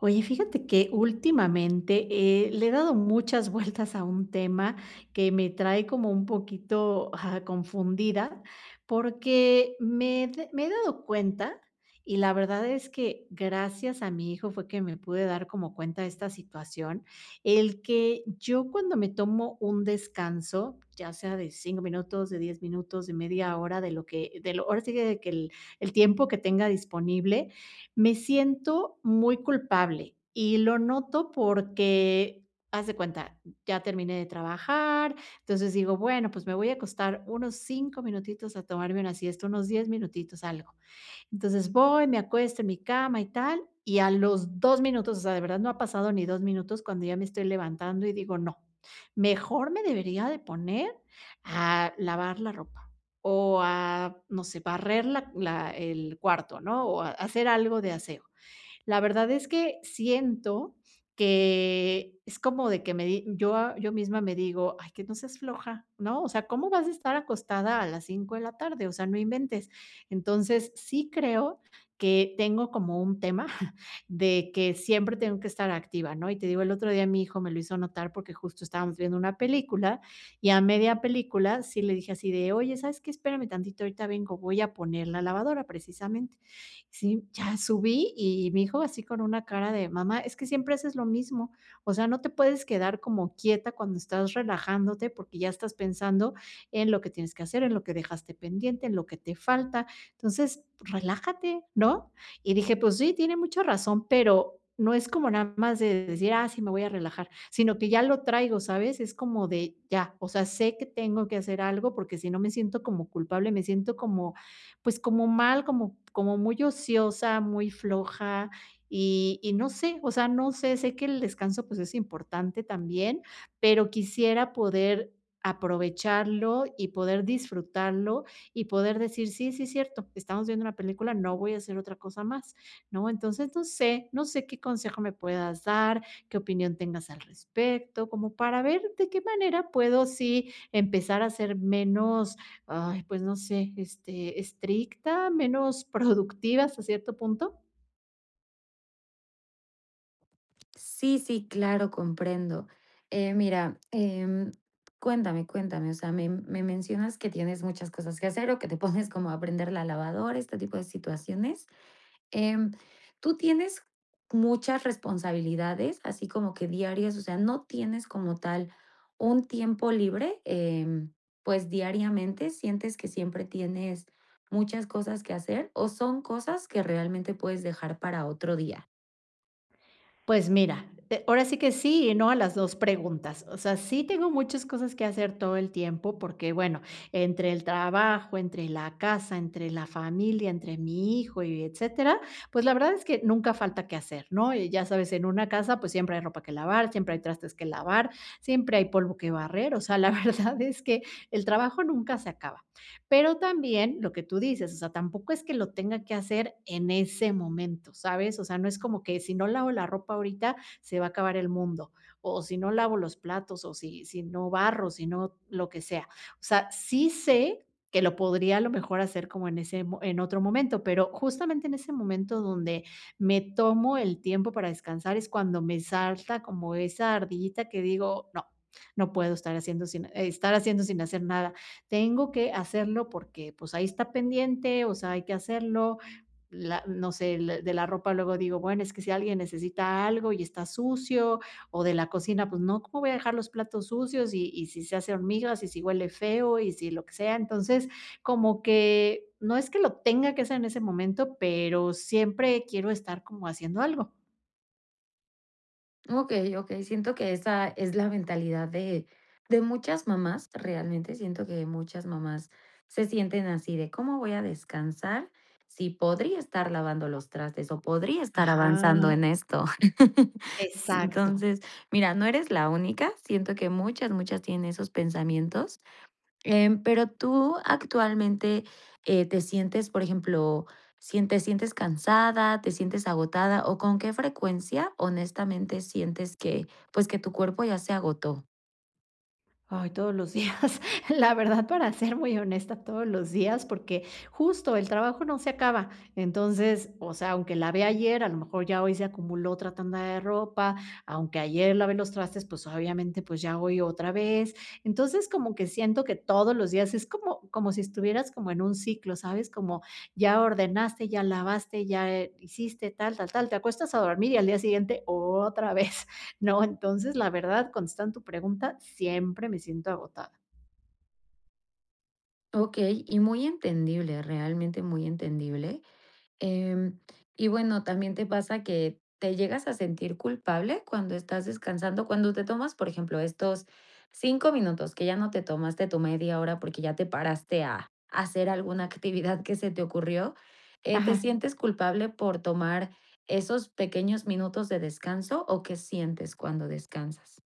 Oye, fíjate que últimamente, eh, le he dado muchas vueltas a un tema que me trae como un poquito, ah, confundida, porque me d me he dado cuenta, y la verdad es que gracias a mi hijo fue que me pude dar como cuenta de esta situación, el que yo cuando me tomo un descanso, ya sea de 5 minutos, de 10 minutos, de media hora de lo que de lo ahora sí que de que el el tiempo que tenga disponible, me siento muy culpable, y lo noto porque, eh, haz de cuenta, ya terminé de trabajar, entonces digo: "Bueno, pues me voy a acostar unos 5 minutitos a tomarme una siesta, unos 10 minutitos, algo", entonces, voy, me acuesto en mi cama y tal, y a los 2 minutos, o sea, de verdad no ha pasado ni 2 minutos cuando ya me estoy levantando y digo: "No, mejor me debería de poner a lavar la ropa o a, no sé, barrer la la el cuarto," ¿no? O hacer algo de aseo, la verdad es que siento que es como de que me di yo yo misma me digo: "Ay, que no seas floja, ¿no? O sea, ¿cómo vas a estar acostada a las 5 de la tarde? O sea, no inventes," entonces, sí creo que tengo como un tema de que siempre tengo que estar activa, ¿no? Y te digo, el otro día mi hijo me lo hizo notar porque justo estábamos viendo una película, y a media película sí le dije así de: "Oye, sabes qué? Espérame tantito, ahorita vengo, voy a poner la lavadora" precisamente, sí, ya subí y me dijo así con una cara de: "Mamá, es que siempre haces lo mismo, o sea, no te puedes quedar como quieta cuando estás relajándote porque ya estás pensando en lo que tienes que hacer, en lo que dejaste pendiente, en lo que te falta, entonces, relájate, ¿no?" Y dije, pues sí, tiene mucha razón, pero no es como nada más de decir: "Ah, sí, me voy a relajar", sino que ya lo traigo, ¿sabes? Es como de ya, o sea, sé que tengo que hacer algo porque si no me siento como culpable, me siento como, pues, como mal, como como muy ociosa, muy floja, y y no sé, o sea, no sé, sé que el descanso, pues, es importante también, pero quisiera poder aprovecharlo y poder disfrutarlo y poder decir: "Sí, sí, es cierto, estamos viendo una película, no voy a hacer otra cosa más", ¿no? Entonces, no sé, no sé qué consejo me puedas dar, qué opinión tengas al respecto, como para ver de qué manera puedo sí empezar a ser menos, ay, pues no sé, este, estricta, menos productiva hasta cierto punto. Sí, sí, claro, comprendo. Eh, mira, em, cuéntame, cuéntame, o sea, me me mencionas que tienes muchas cosas que hacer o que te pones como a prender la lavadora, este tipo de situaciones. Em, ¿tú tienes muchas responsabilidades? ¿Así como que diarias?, o sea, ¿no tienes como tal un tiempo libre?, em, pues, ¿diariamente sientes que siempre tienes muchas cosas que hacer? ¿O son cosas que realmente puedes dejar para otro día? Pues mira, eh, ahora sí que sí y no a las 2 preguntas. O sea, sí tengo muchas cosas que hacer todo el tiempo porque, bueno, entre el trabajo, entre la casa, entre la familia, entre mi hijo y etcétera, pues la verdad es que nunca falta que hacer, ¿no?, y ya sabes, en una casa, pues siempre hay ropa que lavar, siempre hay trastes que lavar, siempre hay polvo que barrer. O sea, la verdad es que el trabajo nunca se acaba. Pero también lo que tú dices, o sea, tampoco es que lo tenga que hacer en ese momento, ¿sabes?, o sea, no es como que si no lavo la ropa ahorita, se va a acabar el mundo, o o si no lavo los platos, o si si no barro, si no lo que sea. O sea, sí sé, que lo podría a lo mejor hacer como en ese mo en otro momento, pero, justamente en ese momento donde me tomo el tiempo para descansar es cuando me salta como esa ardillita que digo: "No, no puedo estar haciendo sin e estar haciendo sin hacer nada", tengo que hacerlo porque, pues, ahí está pendiente, o sea, hay que hacerlo. La no sé, l de la ropa luego digo: "Bueno, es que si alguien necesita algo y está sucio", o de la cocina, pues, no, ¿cómo voy a dejar los platos sucios?, y y si se hace hormigas, y si huele feo, y si lo que sea. Entonces, como que no es que lo tenga que hacer en ese momento, pero, siempre quiero estar como haciendo algo. Okey, okey, siento que esa es la mentalidad de de muchas mamás realmente siento que muchas mamás se sienten así de, ¿cómo voy a descansar si podría estar lavando los trastes o podría estar Ajá. avanzando en esto? Exacto. Entonces, mira, no eres la única, siento que muchas, muchas tienen esos pensamientos, em pero tú actualmente, eh, ¿te sientes, por ejemplo, sientes sientes cansada, te sientes agotada o con qué frecuencia honestamente sientes que, pues, que tu cuerpo ya se agotó? Ay, todos los días, la verdad, para ser muy honesta, todos los días, porque justo el trabajo no se acaba, entonces, o sea, aunque lavé ayer, a lo mejor ya hoy se acumuló otra tanda de ropa, aunque ayer lavé los trastes, pues, obviamente, pues ya voy otra vez. Entonces, como que siento que todos los días es como como si estuvieras como en un ciclo, ¿sabes? Como ya ordenaste, ya lavaste, ya, eh, hiciste tal, tal, tal, te acuestas a dormir y al día siguiente otra vez, ¿no? Entonces, la verdad, contestando tu pregunta, siempre me siento agotada. Okey, y muy entendible, realmente muy entendible. Em, y bueno, también te pasa que te llegas a sentir culpable cuando estás descansando, cuando te tomas, por ejemplo, estos 5 minutos, que ya no te tomaste tu media hora porque ya te paraste a a hacer alguna actividad que se te ocurrió, ¿eh?, ¿te Ajá. sientes culpable por tomar esos pequeños minutos de descanso o qué sientes cuando descansas?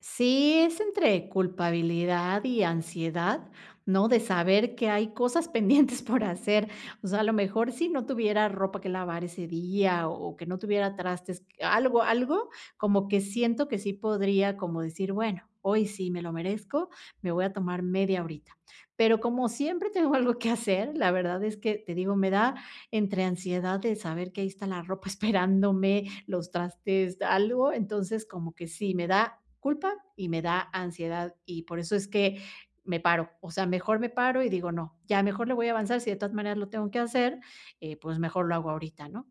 Sí, es entre culpabilidad y ansiedad, ¿no?, de saber que hay cosas pendientes por hacer, o sea, a lo mejor, si no tuviera ropa que lavar ese día, o que no tuviera trastes, algo algo, como que siento que sí podría como decir, bueno, hoy sí me lo merezco, me voy a tomar media horita. Pero como siempre tengo algo que hacer, la verdad es que, te digo, me da entre ansiedad de saber que ahí está la ropa esperándome, los trastes, algo, entonces, como que sí, me da culpa y me da ansiedad, y por eso es que me paro. O sea, mejor me paro y digo: "No, ya mejor le voy a avanzar", si de todas maneras, lo tengo que hacer, eh, y pues mejor lo hago ahorita, ¿no?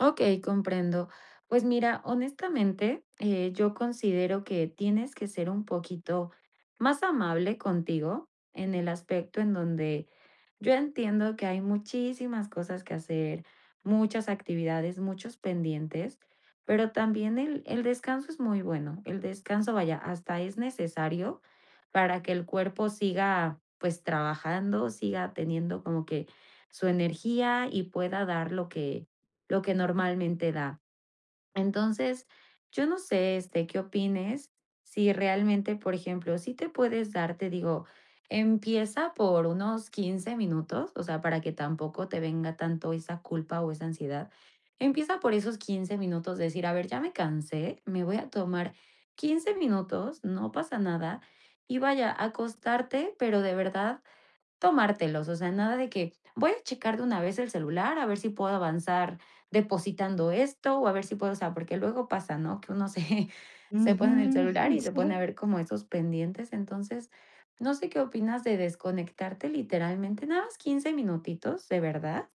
Okey, comprendo. Pues mira, honestamente, eh, yo considero que tienes que ser un poquito más amable contigo en el aspecto en donde yo entiendo que hay muchísimas cosas que hacer, muchas actividades, muchos pendientes, pero también el el descanso es muy bueno, el descanso vaya hasta es necesario para que el cuerpo siga pues trabajando, siga teniendo como que su energía y pueda dar lo que lo que normalmente da. Entonces yo no sé, este, qué opines si realmente por ejemplo si te puedes dar te digo, empieza por unos 15 minutos o sea para que tampoco te venga tanto esa culpa o esa ansiedad. Empieza por esos 15 minutos de decir: "A ver ya me cansé, me voy a tomar 15 minutos, no pasa nada" y vaya a acostarte pero de verdad tomártelos, o sea nada de que: "Voy a checar de una vez el celular a ver si puedo avanzar depositando esto", o a ver si puedo o sea porque luego pasa, ¿no? Que uno se se Ujú. pone en el celular y se pone a Sí. ver como esos pendientes entonces no sé qué opinas de desconectarte literalmente nada más 15 minutitos de verdad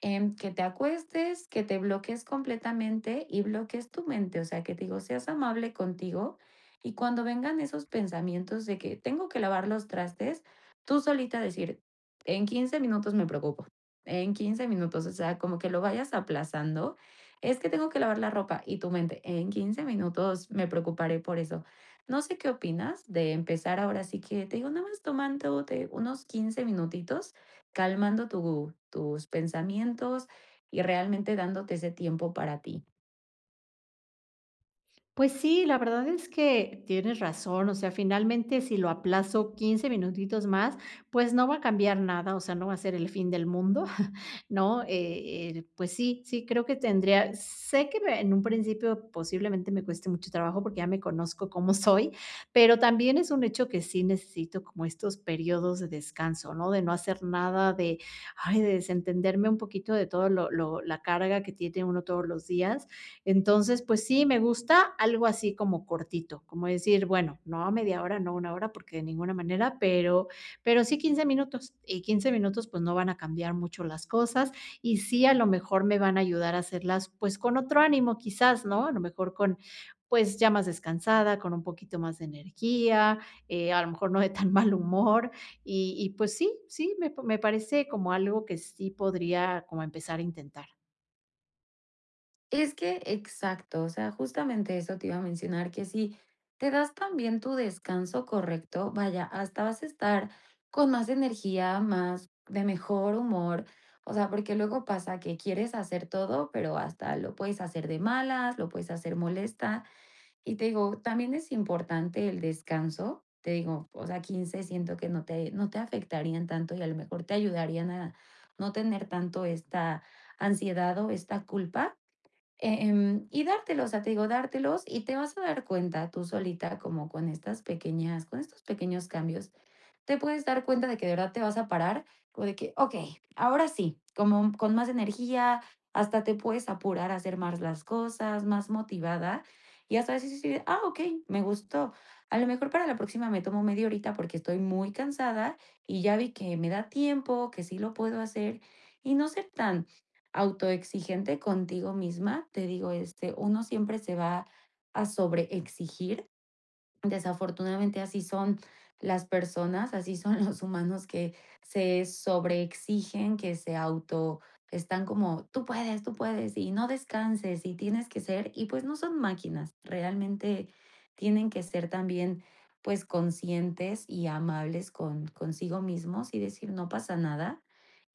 en que te acuestes, que te bloquees completamente y bloquees tu mente, o sea que te digo seas amable contigo y cuando vengan esos pensamientos de que: "Tengo que lavar los trastes", tú solita decir: "En 15 minutos me preocupo". En 15 minutos. O sea como que lo vayas aplazando. Es que tengo que lavar la ropa y tu mente en 15 minutos me preocuparé por eso. No sé qué opinas de empezar ahora sí que te digo no más tomándote unos 15 minutitos calmando tu tus pensamientos y realmente dándote ese tiempo para ti. Pues sí, la verdad es que tienes razón, o sea, finalmente, si lo aplazo 15 minutitos más, pues no va a cambiar nada, o sea, no va a ser el fin del mundo, ¿no?, eh, el pues sí, sí creo que tendría sé que me en un principio, posiblemente, me cueste mucho trabajo, porque ya me conozco cómo soy, pero también es un hecho que sí necesito como estos períodos de descanso, ¿no?, de no hacer nada de, ay, de desentenderme un poquito de todo lo lo la carga que tiene uno todos los días. Entonces, pues sí, me gusta algo así como cortito, como decir, bueno, no a media hora, no a una hora, porque de ninguna manera, pero pero sí 15 minutos, y 15 minutos, pues, no van a cambiar mucho las cosas, y sí, a lo mejor me van a ayudar a hacerlas, pues, con otro ánimo, quizás, ¿no?, a lo mejor con, pues, ya más descansada, con un poquito más de energía, eh, a lo mejor no de tan mal humor, y y pues sí, sí, me me parece como algo que sí podría como empezar a intentar. Es que, exacto, o sea, justamente eso te iba a mencionar, que si te das también tu descanso correcto, vaya, hasta vas a estar con más energía, más de mejor humor. O sea, porque luego pasa que quieres hacer todo, pero, hasta lo puedes hacer de malas, lo puedes hacer molesta. Y te digo, también es importante el descanso. Te digo o sea 15 siento que no te no te afectarían tanto y a lo mejor te ayudarían a no tener tanto esta ansiedad o esta culpa, eh, em, y dártelo, o sea, te digo dártelos y te vas a dar cuenta tú solita como con estas pequeñas con estos pequeños cambios, te puedes dar cuenta de que de verdad te vas a parar, o de que: "Okey, ahora sí", como con más energía, hasta te puedes apurar, a hacer más las cosas, más motivada y hasta eso vas a decir: "Ah, okey, me gustó". A lo mejor para la próxima me tomo media horita porque estoy muy cansada, y ya vi que me da tiempo, que sí lo puedo hacer y no ser tan autoexigente contigo misma, te digo este, uno siempre se va a sobre exigir, desafortunadamente, así son las personas, así son los humanos que se sobre exigen, que se auto están como: "¡Tú puedes, tú puedes! Y no descanses y tienes que ser" Y pues, no son máquinas realmente, tienen que ser también, pues, conscientes y amables con consigo mismos y decir: "No pasa nada,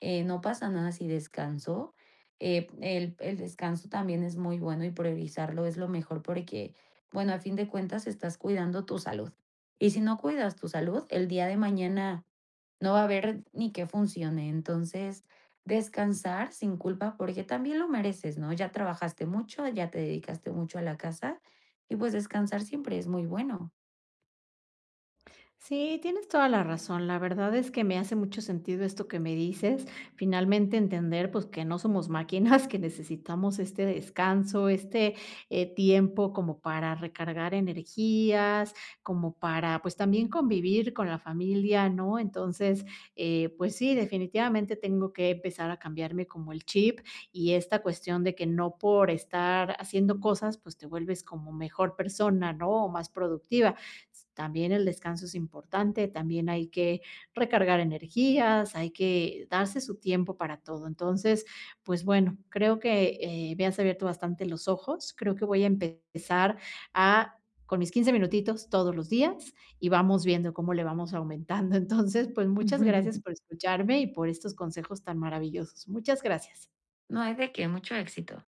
eh, no pasa nada si descanso", eh, el el descanso también es muy bueno y priorizarlo es lo mejor porque, bueno, a fin de cuentas estás cuidando tu salud y si no cuidas tu salud, el día de mañana no va a haber ni que funcione, entonces, descansar sin culpa porque también lo mereces ¿no?, ya trabajaste mucho, ya te dedicaste mucho a la casa y, pues, descansar siempre es muy bueno. Sí, tienes toda la razón, la verdad es que me hace mucho sentido esto que me dices. Finalmente, entender, pues, que no somos máquinas, que necesitamos este descanso, este, eh, tiempo como para recargar energías, como para, pues, también convivir con la familia, ¿no?, entonces, eh, pues sí, definitivamente tengo que empezar a cambiarme como el chip, y esta cuestión de que no por estar haciendo cosas, pues te vuelves como mejor persona, ¿no?, o más productiva. S también el descanso es importante, también hay que recargar energías, hay que darse su tiempo para todo, entonces, pues bueno, creo que, eh, me has abierto bastante los ojos, creo que voy a empezar a, con mis 15 minutitos todos los días y vamos viendo cómo le vamos aumentando. Entonces, pues, muchas Ujú. gracias por escucharme y por estos consejos tan maravillosos. Muchas gracias. No hay de que, mucho éxito.